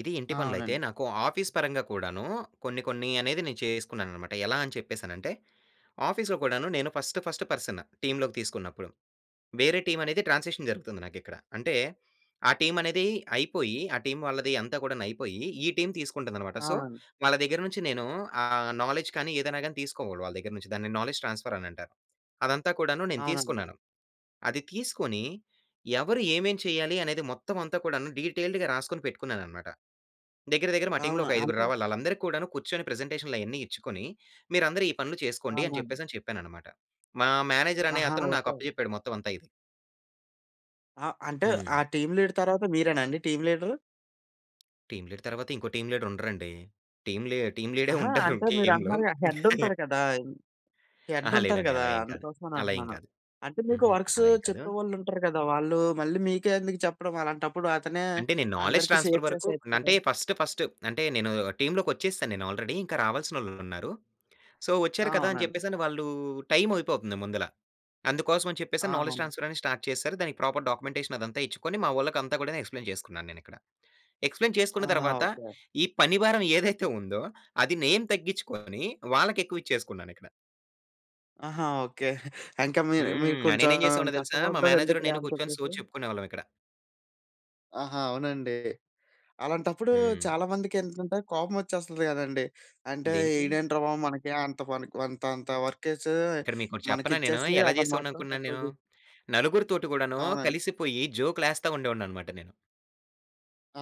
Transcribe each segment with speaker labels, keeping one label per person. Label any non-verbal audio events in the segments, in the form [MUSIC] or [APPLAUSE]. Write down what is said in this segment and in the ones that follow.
Speaker 1: ఇది ఇంటి
Speaker 2: ఆ!
Speaker 1: పనులు అయితే,
Speaker 2: అవునండి.
Speaker 1: నాకు ఆఫీస్ పరంగా కూడాను, కొన్ని, కొన్ని అనేది నేను చేసుకున్నాను అన్నమాట. ఎలా అని చెప్పేసానంటే, ఆఫీస్‌లో కూడాను, నేను ఫస్ట్, ఫస్ట్ పర్సన్ టీమ్‌లోకి తీసుకున్నపుడు. వేరే టీమనేది ట్రాన్సిషన్ జరుగుతుంది నాకు ఇక్కడ. అంటే, ఆ టీమనేది అయిపోయి, ఆ టీమ్ వాళ్ళది అంతా కూడాను అయిపోయి ఈ టీమ్ తీసుకుంటుంది అన్నమాట. సో,
Speaker 2: అవునండి.
Speaker 1: వాళ్ళ దగ్గర నుంచి, నేను ఆహ్, నౌలెడ్జ్ కాని ఏదైనా గాని తీసుకోవాలి వాళ్ళ దగ్గర నుంచి. దాన్ని నౌలెడ్జ్ ట్రాన్స్‌ఫర్ అని అంటారు. అదంతా కూడాను నేను
Speaker 2: అవునండి.
Speaker 1: తీసుకున్నాను. అది తీసుకొని, ఎవరు ఏమేం చేయాలి, అనేది మొత్తం అంతా కూడాను డీటెయిల్డ్‌గా రాసుకొని పెట్టుకున్నాను అన్నమాట. దగ్గర, దగ్గర మా టీమ్‌లో
Speaker 2: అవునా!
Speaker 1: ఒక ఐదుగురు
Speaker 2: అంటే?
Speaker 1: రావాలి, వాళ్ళందరికి కూడాను కూర్చొని ప్రజెంటేషన్‌లు అయన్నీ ఇచ్చుకొని, మీరందరూ ఈ పనులు
Speaker 2: చాలా
Speaker 1: చేసుకోండి అని
Speaker 2: మంది
Speaker 1: చెప్పేసి అని చెప్పాను అన్నమాట. మా మేనేజర్ అనే
Speaker 2: ఆహా!
Speaker 1: అతను, నాకు
Speaker 2: ఓకే.
Speaker 1: అప్పచెప్పాడు మొత్తం అంతా ఇది.
Speaker 2: ఆ! అంటే, ఆ
Speaker 1: హ్మ్.
Speaker 2: టీమ్ లీడర్ తర్వాత, మీరేనా అండి టీమ్ లీడరు?
Speaker 1: టీమ్ లీడ్ తరువాత ఇంకో, టీమ్ లీడరుండరండి. టీమ్ లీ టీమ్ లీడే
Speaker 2: అహా!
Speaker 1: ఉంటారు
Speaker 2: అంటే మీరు
Speaker 1: టీమ్‌లో.
Speaker 2: అంటున్నారు కదా హెడ్డుంటారు
Speaker 1: [CHUCKLES]
Speaker 2: కదా!
Speaker 1: ఆహా!
Speaker 2: హెడ్డుంటారు
Speaker 1: లేదండి
Speaker 2: కదా!
Speaker 1: అలా ఏమి కాదు.
Speaker 2: అందుకోసమని
Speaker 1: అలా ఏం
Speaker 2: అంటున్నాను.
Speaker 1: కాదు.
Speaker 2: అంటే, మీకు
Speaker 1: హుహు.
Speaker 2: వర్క్స్
Speaker 1: అలా ఏమి కాదు.
Speaker 2: చెప్పేవాళ్ళు ఉంటారు కదా! వాళ్ళు, మళ్ళీ మీకే ఎందుకు చెప్పడం? అలాంటప్పుడు అతనే
Speaker 1: అంటే, నేను నౌలెడ్జ్
Speaker 2: అందరికి
Speaker 1: ట్రాన్స్‌ఫర్
Speaker 2: షేర్
Speaker 1: వరకు
Speaker 2: చేసేయొచ్చు
Speaker 1: న
Speaker 2: కదా?
Speaker 1: అంటే, ఫస్ట్, ఫస్ట్ అంటే, నేను టీమ్‌లోకొచ్చేసాను నేను. ఆల్రెడీ ఇంకా రావాల్సిన వాళ్ళు ఉన్నారు. సో, వచ్చారు కదా అని
Speaker 2: అవునండి.
Speaker 1: చెప్పేసి, వాళ్ళు టైమ్ అయిపోతుంది ముందల. అందుకోసం అని చెప్పేసి,
Speaker 2: ఆహా!
Speaker 1: నౌలెడ్జ్ ట్రాన్స్‌ఫర్ అని స్టార్ట్ చేసారు. దానికి ప్రాపర్ డాక్యుమెంటేషన్ అదంతా ఇచ్చుకొని, మా వాళ్ళకి అంతా కూడా ఎక్స్‌ప్లైన్ చేసుకున్నాను నేను ఇక్కడ. ఎక్స్‌ప్లైన్
Speaker 2: ఆ!
Speaker 1: చేసుకున్న తరువాత,
Speaker 2: ఓకే.
Speaker 1: ఈ పని భారం ఏదైతే ఉందో [GIGGLES] అది నేను తగ్గించుకొని వాళ్ళకి ఎక్కువ ఇచ్చేసుకున్నాను ఇక్కడ.
Speaker 2: ఆహా! ఓకే. [CHUCKLES] ఇంకా మీరు మీరు
Speaker 1: హ్మ్. ఆ!
Speaker 2: కొంచెం
Speaker 1: నేను ఎం చేసేవాడినో తెలుసా, మా
Speaker 2: కష్టపడ్డారు
Speaker 1: మేనేజర్
Speaker 2: ఎందుకులే
Speaker 1: నేను
Speaker 2: అని
Speaker 1: కూర్చొని
Speaker 2: చెప్పేసి.
Speaker 1: సోది చెప్పుకునేవాళ్ళం ఇక్కడ.
Speaker 2: ఆహా! అవునండి. అలాంటప్పుడు
Speaker 1: హ్మ్.
Speaker 2: చాలా మందికి ఏంటంటే, కోపం వచ్చేస్తుంది కదండీ. అంటే,
Speaker 1: దేనికి?
Speaker 2: ఇడేంట్రా బాబు మనకి అంత మనకి అంత అంత వర్క్ వేసి,
Speaker 1: ఇక్కడ మీకు ఒకటి
Speaker 2: మనకి
Speaker 1: చెప్పనా నేను!
Speaker 2: ఇచ్చేసి
Speaker 1: ఎలా
Speaker 2: అతను
Speaker 1: చేసేవాడిని
Speaker 2: మాత్రం
Speaker 1: అనుకున్నాను
Speaker 2: తక్కువ
Speaker 1: నేను.
Speaker 2: చేసు
Speaker 1: నలుగురితోటి కూడాను
Speaker 2: అవునండి.
Speaker 1: కలిసిపోయి, జోక్‌లు వేస్తా ఉండేవాడిని అన్నమాట నేను.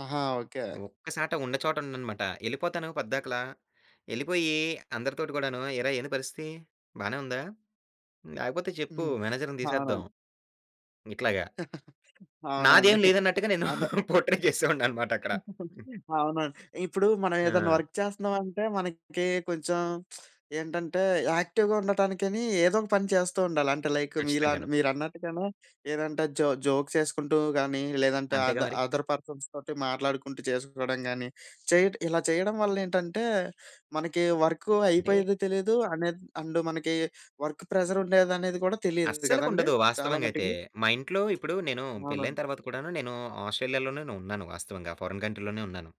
Speaker 2: ఆహా! ఓకే.
Speaker 1: ఒక్కచోట ఉన్న చోట ఉండనమాట. ఎళ్ళిపోతాను పోద్దకల. వెళ్ళిపోయి, అందరితోటి కూడాను ఏరా ఏంటి పరిస్థితి? బానే ఉందా? హ్మ్, లేకపోతే, చెప్పు
Speaker 2: హ్మ్.
Speaker 1: మేనేజర్‌ని తీసేద్దాం.
Speaker 2: అవునండి.
Speaker 1: ఇట్లాగా
Speaker 2: [CHUCKLES] అవునండి.
Speaker 1: నాదేం లేదు అన్నట్టుగా నేను,
Speaker 2: అదే.
Speaker 1: పోర్ట్రై చేసేవాడిని అన్నమాట అక్కడ.
Speaker 2: [CHUCKLES] అవునండి. ఇప్పుడు మనం ఏదైనా
Speaker 1: ఆ!
Speaker 2: వర్క్ చేస్తున్నామంటే, మనకి కొంచెం [SMACKS LIPS] ఏంటంటే, యాక్టివ్‌గా ఉండటానికని ఏదో ఒక పని చేస్తూ ఉండాలి. అంటే, లైక్ మీలా
Speaker 1: కచ్చితంగాను.
Speaker 2: మీరన్నట్టుగానే ఏదంటే జో జోక్ ఏసుకుంటూ గానీ, లేదంటే, అ
Speaker 1: అంతేగా మరి.
Speaker 2: అదర్ పర్సన్స్ తోటి మాట్లాడుకుంటూ చేసుకోవడం గానీ, చేయ ఇలా చేయడం వల్ల ఏంటంటే, మనకి వర్క్
Speaker 1: అంటే
Speaker 2: అయిపోయేది తెలియదు. అనేది అండు మనకి వర్క్ ప్రెషరుండేది అనేది కూడా తెలీదు
Speaker 1: అస్సలకి
Speaker 2: కదండీ.
Speaker 1: ఉండదు
Speaker 2: చాలా
Speaker 1: వాస్తవంగా అయితే.
Speaker 2: మటికి.
Speaker 1: మా ఇంట్లో ఇప్పుడు నేను, పెళ్లి అయిన
Speaker 2: అవునండి.
Speaker 1: తర్వాత కూడా, నేను ఆ స్ట్రేలియా‌లోనే ఉన్నాను. వాస్తవంగా ఫారెన్ కంట్రీ‌లోనే ఉన్నాను.